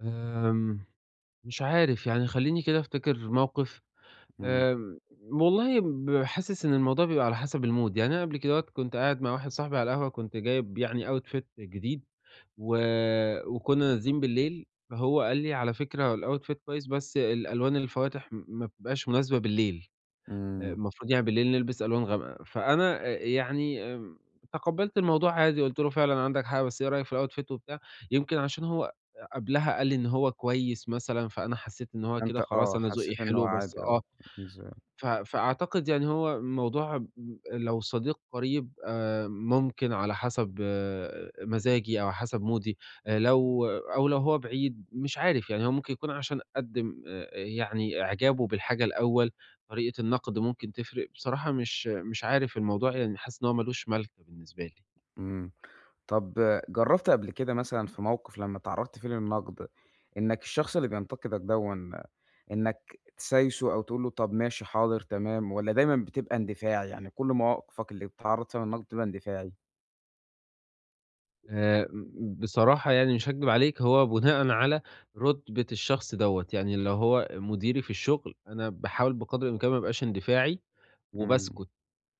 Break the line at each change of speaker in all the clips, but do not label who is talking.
آمم، مش عارف، يعني خلّيني كده أفتكر مَوقِف،
إمم.
آمم، م والله ب حاسس إن الموضوع بيبقى على حسب الmood يعني أنا قَبل كدهوّة كنت قاعد مع واحد صاحبي على القهوة كنت جايب يعني outfit جديد و وكنّا نازلين بالليل، فهو قال لي: "على فكرة الoutfit كويّس بس الألوان الفواتح م ما بتبقاش مناسبة بالليل." آآ،
إمم.
المفروض يعني بالليل نلبس ألوان غامقة، فأنا إ يعني امم تقبّلت الموضوع عادي قُلت له: "فعلًا عَندك حق بس إيه رأيك في الoutfit؟" وبتاع يمكن عشان هو أ قَبلها قال لي إن هو كويّس مثلًا، فأنا حسّيت إن هو كده
فأنت
خلاص،
آه،
أنا ذوقي
حسّيت إن هو
حلو بس
عادي آه،
آه،
[unintelligible]
ف فأعتقد يعني هو الموضوع م لو صديق قريب آآ، ممكن على حسب مزاجي أو حسب مودي، لو أو لو هو بعيد، مش عارف يعني هو ممكن يكون عشان قدِّم آآ، يعني إعجابه بالحاجة الأول، طريقة النقد ممكن تفرِق بصراحة مش مش عارف الموضوع يعني حاسس إن هو مالوش مالكة بالنسبة لي.
إمم، طَب جرّبت قَبل كده مثلًا في مَوقِف لمّا اتعرّضت فيه للنقد، إنّك الشخص اللي بينتقدك دَوًّا إنّك تسايسه أو تقول له طَب ماشي، حاضر، تمام، والّا دايمًا بتبقى اندفاعي، يعني كل مواقفك اللي بتتعرض فيها للنقد بتبقى اندفاعي؟
آمم، ب بصراحة يعني مش هاكدب عليك هو بناءً على رُتبة الشخص دَوَّة، يعني لو هو مديري في الشغل أنا باحاول بقَدر الإمكان ما ابقاش اندفاعي
إمم.
وباسكت،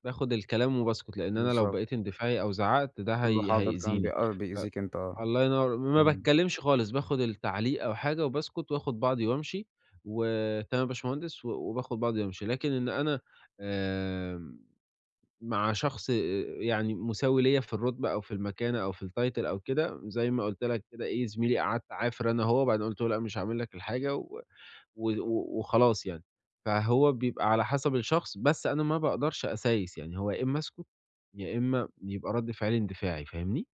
باخد الكلام وباسكت، لأن أنا لو
بالضبط.
بقيت اندفاعي أو زعّقت ده
تقول له
هي
حاضر فاهم بي
هيأذيني،
آه،
ف
بيئذيك أنت بقي.
الله ينوّر م ما
إمم.
باتكلمش خالص باخد التعليق أو حاجة وباسكت وآخُد بعضي وأمشي "وتمام يا باشمهندس." و وباخد بعضي وامشي، لكن إن أنا آمم، مع شخص أأ يعني مساوي ليَّ في الرُتبة أو في المكانة أو في الtitle أو كده زي ما قُلت لك كده إيه، زميلي قعَدت اعافر أنا وهو وبعدين قُلت له: "لأ مش هاعمل لك الحاجة." و و وخلاص يعني. فهو بيبقى على حسب الشخص، بس أنا ما باقدرش أسايس يعني، هو يا إمّا اسكت، يا إمّا يبقى رد فعلي اندفاعي، فاهمني؟